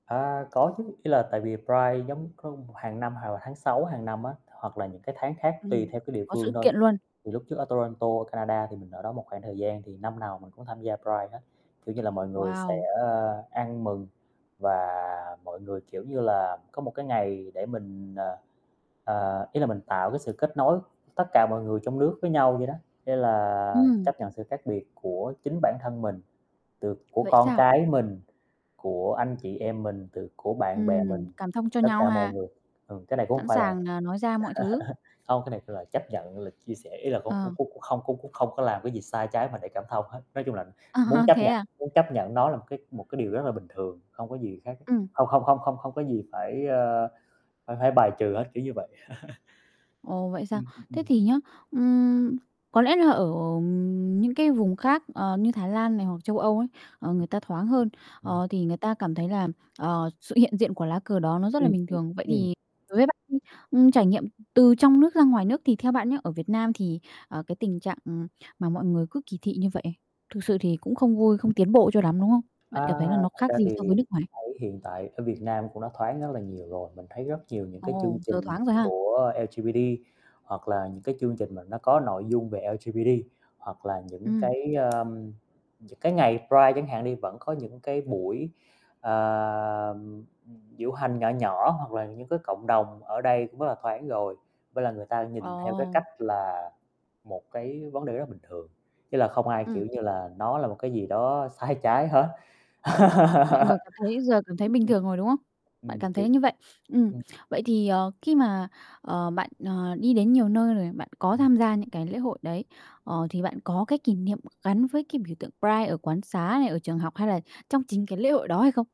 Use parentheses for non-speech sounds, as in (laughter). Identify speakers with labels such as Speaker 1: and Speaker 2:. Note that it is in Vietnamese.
Speaker 1: À, có chứ, ý là tại vì Pride giống có mục hàng năm hoặc là tháng 6 hàng năm á, hoặc là những cái tháng khác tùy
Speaker 2: Ừm,
Speaker 1: theo cái địa
Speaker 2: có sự
Speaker 1: phương thôi.
Speaker 2: kiện luôn.
Speaker 1: Thì lúc trước ở Toronto, Canada thì mình ở đó một khoảng thời gian thì năm nào mình cũng tham gia Pride hết, kiểu như là mọi người sẽ,
Speaker 2: Wow.
Speaker 1: ơ, ăn mừng và mọi người, kiểu như là, có một cái ngày để mình, ờ, ờ ý là mình tạo cái sự kết nối tất cả mọi người trong nước với nhau vậy đó. Thế là
Speaker 2: Ừm.
Speaker 1: chấp nhận sự khác biệt của chính bản thân mình, từ của
Speaker 2: Vậy
Speaker 1: con
Speaker 2: sao?
Speaker 1: cái mình, của anh chị em mình, từ của bạn bè
Speaker 2: Ừm,
Speaker 1: mình,
Speaker 2: cảm thông cho
Speaker 1: tất
Speaker 2: nhau
Speaker 1: cả mọi
Speaker 2: ha.
Speaker 1: người. Ừm, cái này cũng hông
Speaker 2: Sẵn
Speaker 1: phải là
Speaker 2: sàng,
Speaker 1: (chuckles)
Speaker 2: à, nói ra mọi thứ.
Speaker 1: hông, cái này phải là chấp nhận, là chia sẻ, ý là có khu
Speaker 2: Ờ.
Speaker 1: khúc cũng không có khúc không có làm cái gì sai trái mà để cảm thông hết. Nói chung là
Speaker 2: Ờ,
Speaker 1: muốn chấp
Speaker 2: thế
Speaker 1: nhận
Speaker 2: à?
Speaker 1: muốn chấp nhận nó là một cái một cái điều rất là bình thường, không có gì khác,
Speaker 2: Ừm.
Speaker 1: không không không không không có gì phải, ờ, phải phải bài trừ hết, kiểu như vậy. (chuckles)
Speaker 2: Ồ, vậy sao?
Speaker 1: Ừm, ừm,
Speaker 2: Thế
Speaker 1: ừm.
Speaker 2: thì nhá, ừm, có lẽ là ở những cái vùng khác, ờ, như Thái Lan này hoặc châu Âu ấy, ờ, người
Speaker 1: Ừm,
Speaker 2: ta thoáng hơn,
Speaker 1: ừm.
Speaker 2: ờ, thì người ta cảm thấy là, ờ, sự hiện diện của lá cờ đó nó rất là
Speaker 1: Ừm,
Speaker 2: bình
Speaker 1: ừm,
Speaker 2: thường. Vậy
Speaker 1: ừm.
Speaker 2: thì đối với bạn đi, ừm, trải nghiệm, ừ, từ trong nước ra ngoài nước thì theo bạn nhá, ở Việt Nam thì, ờ, cái tình trạng mà mọi người cứ kỳ thị như vậy, thực sự thì cũng không vui, không tiến bộ cho lắm, đúng không? Bạn cảm
Speaker 1: À,
Speaker 2: thấy là nó
Speaker 1: thật
Speaker 2: khác
Speaker 1: ra
Speaker 2: gì
Speaker 1: thì
Speaker 2: so với nước ngoài?
Speaker 1: thấy hiện tại ở Việt Nam cũng đã thoáng rất là nhiều rồi, mình thấy rất nhiều những cái chương
Speaker 2: Ồ, giờ
Speaker 1: trình
Speaker 2: thoáng rồi ha?
Speaker 1: của LGBT hoặc là những cái chương trình mà nó có nội dung về LGBT hoặc là những
Speaker 2: Ừm.
Speaker 1: cái, ờm, những cái ngày Pride chẳng hạn đi vẫn có những cái buổi, ờm, ừm, diễu hành nhỏ nhỏ hoặc là những cái cộng đồng ở đây cũng rất là thoáng rồi. Với lại người ta nhìn theo cái
Speaker 2: Ờ.
Speaker 1: cách là một cái vấn đề rất bình thường, chứ là không ai,
Speaker 2: Ừm.
Speaker 1: kiểu như là, nó là một cái gì đó sai trái hết.
Speaker 2: Mọi người
Speaker 1: (laughs)
Speaker 2: cảm thấy giờ cảm thấy bình thường rồi, đúng không?
Speaker 1: Ừm, ừm.
Speaker 2: Bạn
Speaker 1: Ừm,
Speaker 2: cảm
Speaker 1: kiểu
Speaker 2: thấy như vậy. Ừm,
Speaker 1: ừm.
Speaker 2: vậy thì, ờ, khi mà, ờ, bạn, ờ, đi đến nhiều nơi rồi bạn có
Speaker 1: Ừm.
Speaker 2: tham gia những cái lễ hội đấy, ờ, thì bạn có cái kỷ niệm gắn với cái biểu tượng Pride ở quán xá này, ở trường học hay là trong chính cái lễ hội đó hay không?